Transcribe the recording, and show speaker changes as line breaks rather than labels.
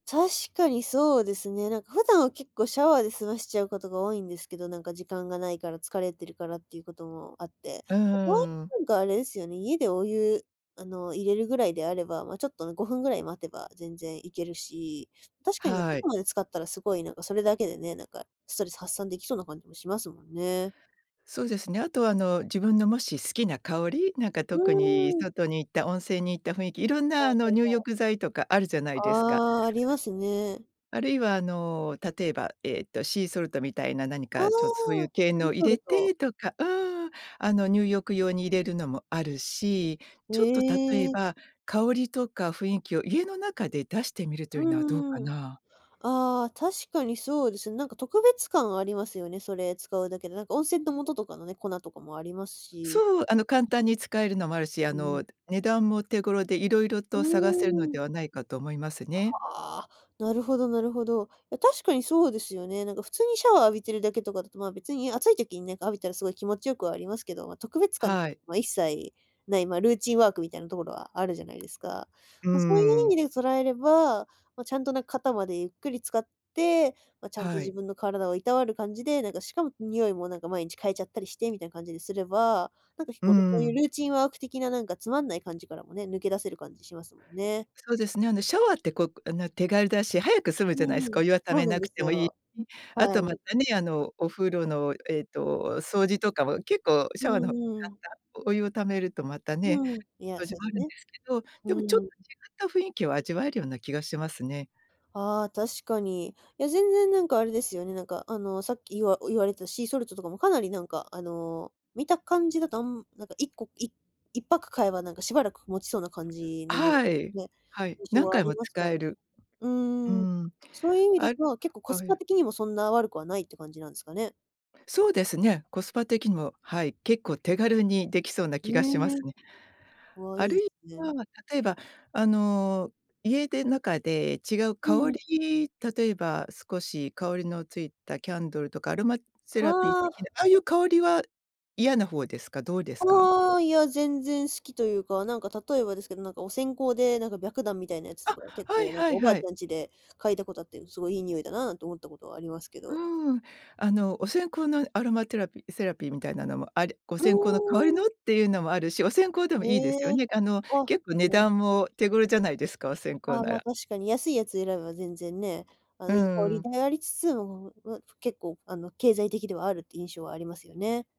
確かにそうですね。なんか普段は結構シャワーで済ましちゃうことが多いんですけど、なんか時間がないから、疲れてるからっていうこともあって、
う
とはい
ーん。
えなんかあれですよね、家でお湯、あの入れるぐらいであれば、ま、ちょっとね、5分ぐらい待てば全然いけるし、確かになと
は
こ
い。
まで使ったらすごいなんかそれだけでね、なんかストレス発散できそうな感じもしますもんね。
そうですね。あとはあの自分のもし好きな香り、なんか
う
特に
ーん。
外に行った、温泉に行った雰囲気、いろんなあの入
[unintelligible]
浴剤とかあるじゃないですか。
ああ、ありますね。
あるいはあの、例えば、ええとシーソルトみたいな何
ああ、
かちょっとそういう系
シー
の入
ソル
れ
ト。
てとか、うーん、あの入浴用に入れるのもあるし、
へ
ちょっと例え
え。
ば、香りとか雰囲気を家の中で出してみると
う
いうのはどうか
んうん、
な？
ああ、確かにそうです、なんか特別感はありますよね、それ使うだけで、なんか温泉の素とかのね、粉とかもありますし。
そう、あの、簡単に使えるのもあるし、
う
あ
ん。うん。
の、値段も手頃で色々
う
と探せるの
ー
で
ん。
はないかと思いますね。
はあ、なるほどなるほど。いや、確かにそうですよね。なんか普通にシャワー浴びてるだけとかだと、まあ、別に暑い時になんか浴びたらすごい気持ちよくはありますけど、ま、特別感って、
はい。
ま、一切ない、ま、ルーチンワークみたいなところはあるじゃないですか。
うー
ま、そういう意味
ん。
で捉えれば、ま、ちゃんとなん、肩までゆっくり浸かって、ま、ちゃんと
は
自
い。
分の体をいたわる感じで、なんかしかも、ん、匂いもなんか毎日変えちゃったりしてみたいな感じにすれば、なんか日
ううー
頃、そういう
ん。
ルーチンワーク的ななんかつまんない感じからもね、抜け出せる感じしますもんね。
そうですね、あのシャワーってこう、くあの手軽だし、早く済む
う
じゃないす
ー
か、
ん、
お湯は貯
そう
め
なん
な
で
く
す
てもいい
よ。
し、あ
は
とま
い。
たね、あの、お風呂の、ええと、掃除とかも結構
う
シャワーの方
んう
簡
ん。
単、お湯を貯めるとまたね、
うん、いや、
掃除
そうで
もあ
す
るんで
ね。
すけど、で
う
もちょっ
ーん。
と違った雰囲気を味わえるような気がしますね。
ああ、確かに。いや、全然なんかあれですよね、なんか、あの、さっきいわ言われたシーソルトとかもかなりなんか、あの、見た感じだと、あんなんか1個、い1パック買えばなんかしばらくもちそうな感じの、
はい、
ね、
はい。
印象
何
はあ
回
り
も
ます
使
から。
える。
う
うー
ーん。
ん、
そういう意味だ
あ
と、まあ結構コ
あ
ス
え
パ的にもそんな悪くはないって感じなんすかね？
そうですね。コスパ的にも、はい、結構手軽にできそうな
え
気がします
え。
ね。
わ、
あ
いい
る
す
い
ね。
は、例えばあの、家で中で違う
う
香
ん。
り、例えば少し香りのついたキャンドルとかアロマセラピー
は
的
あ。
な、ああいう香りは嫌な方ですか？どうですか？
ああ、いや、全然好きというか、なんか例えばですけど、なんかお線香でなんか白檀みたいなやつと
あ、
か結
はい
構なん
は
か
い
おばあ
は
ち
い。
ゃんちで嗅いだことあって、すごいいい匂いだななんて思ったことはありますけど。
うーん、あの、お線香のアロマテラピセラピーみたいなのもあれ、お
うー
線香の代わりの
ん。
っていうのもあるし、お線香でも
へ
いいですよね。
え、
あの
あ、
結構値
なる
段
ほ
も手頃じゃないですか、お線
あ
香
あ、
な
まあ、
ら。
確かに安いやつ選べば全然ね、あ
う
の、いい香
ー
り
ん。
でありつつ、もう、うわ、ふ結構あの、経済的ではあるっていう印象はありますよね。